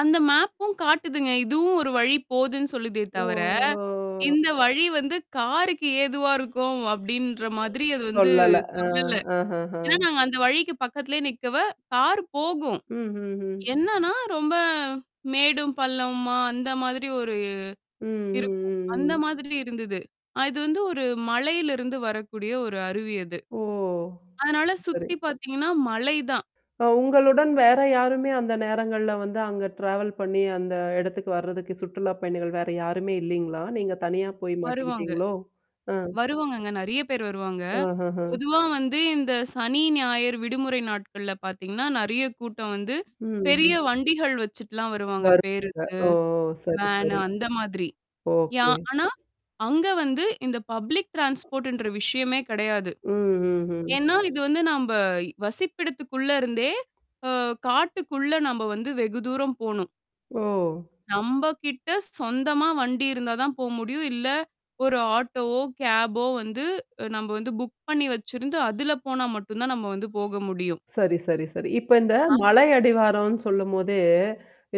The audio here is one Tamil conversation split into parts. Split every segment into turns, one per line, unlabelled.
அந்த மேப்பும் காட்டுதுங்க. இதுவும் ஒரு வழி போதுன்னு சொல்லுதே தவர,
ஓ!
"இந்த வழி வந்து காருக்கு ஏதுவா இருக்கும்" அப்டின்ற மாதிரி அது வந்து
சொல்லல! அ,
சொல்லல.
அஹ ஹ.
ஏன்னா நாங்க அந்த வழிக்கு பக்கத்திலயே நிக்கவே கார் போகும்!
ம்ஹ்ஹ்ம்.
என்னான்னா ரொம்ப மேடும், பள்ளமுமா அந்த மாதிரி ஒரு
ம், ம்,
இருக்கும்.
ம்,
அந்த
ம்.
மாதிரி இருந்தது. அ இது வந்து ஒரு மலையிலிருந்து வரக்கூடிய ஒரு அருவி அது.
ஓ!
அதனால
சரி.
சுத்தி பாத்தீங்கன்னா, மலை தான்.
அ உங்களுடன் வேற யாருமே அந்த நேரங்கள்ல வந்து, அங்க ட்ராவல் பண்ணீ அந்த எடத்துக்கு வர்றதுக்கு சுற்றுலா பயணிகள் வேற யாருமே இல்லீங்களா? நீங்க தனியா போய்
வருவாங்க!
மாட்டிக்கிட்டீங்களோ? ஆ.
வருவாங்கங்க. நெறையா பேர் வருவாங்க.
ஆஹ ஹ.
பொதுவா வந்து இந்த சனி, ஞாயிறு விடுமுறை நாட்கள்ல பாத்தீங்கன்னா, நெறையா கூட்டம் வந்து. பெரிய
ம்ஹ்ம்.
வண்டிகள் வச்சுட்டுலாம் வருவாங்க
வருவாங்க.
பேருந்து.
ஓ! சரி,
வேனு
சரி.
அந்த மாதிரி. Yeah
okay.
ஆனா, அங்க வந்து இந்த பப்ளிக் ட்ரான்ஸ்போர்ட்ன்ற விஷயமே கெடையாது.
ம்ஹ்ம், ஹ்ம்.
ஏன்னா இது வந்து நம்ப, வசிப்பிடதுக்குள்ள இருந்தே அ காட்டுக்குள்ள நம்ப வந்து வெகு தூரம் போணும்.
ஓ!
நம்ப கிட்ட சொந்தமா வண்டி இருந்தா தான் போ முடியும். இல்ல, ஒரு ஆட்டோவோ, கேப்போ வந்து அ நம்ப வந்து புக் பண்ணீ வச்சிருந்து, அதுல போனா மட்டும் தான் நம்ம வந்து போக முடியும்.
சரி, சரி, சரி. இப்ப இந்த
ஆ.
மலை அடிவாரம்னு சொல்லும்போதே,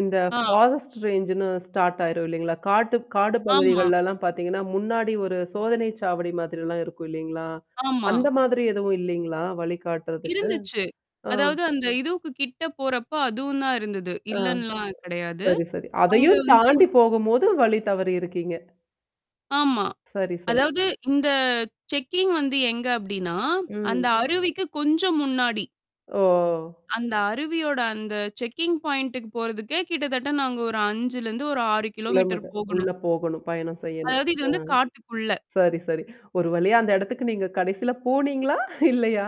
இந்த
ஆ.
ஃபாரஸ்ட் ரேஞ்ச்ன்னு ஸ்டார்ட் ஆயிரும் இல்லைங்களா? காட்டு காடு
ஆமா.
பகுதிகள்லலாம் பாத்தீங்கன்னா, முன்னாடி ஒரு சோதனை சாவடி மாதிரிலாம் இருக்கும் இல்லலைங்களா?
ஆமா.
அந்த மாதிரி எதுவும் இல்லைங்களா? வழிகாட்டுறதுக்கு?
இருந்துச்சு.
ஆ.
அதாவது அந்த இதுவுக்கு கிட்ட போறப்ப, அதுவும் தான் இருந்தது.
ஆ.
இல்லன்ல்லாம் கெடையாது.
சரி, சரி.
அங்க
அதையும்
வந்து
தாண்டி போகும் போது, வழி தவறியிருக்கீங்க.
ஆமா.
சரி, சரி.
அதாவது இந்த செக்கிங் வந்து எங்க அப்படின்னா, அந்த
ம்.
அருவிக்கு கொஞ்சம் முன்னாடி.
ஓ!
அந்த அருவியோட அந்த செக்கிங் பாயிண்டுக்கு போறதுக்கே கிட்ட தட்ட நாங்க ஒரு 5லருந்து ஒரு 6 கிலோமீட்டர்
கிலோமீட்டர் உள்ள
போகணும்.
போகணும் பயணம் செய்யணும்.
அதாவது, இது
அ.
வந்து காட்டுக்குள்ள.
சரி, சரி. ஒரு வழியா அந்த இடத்துக்கு நீங்க கடைசில போனீங்களா? இல்லையா?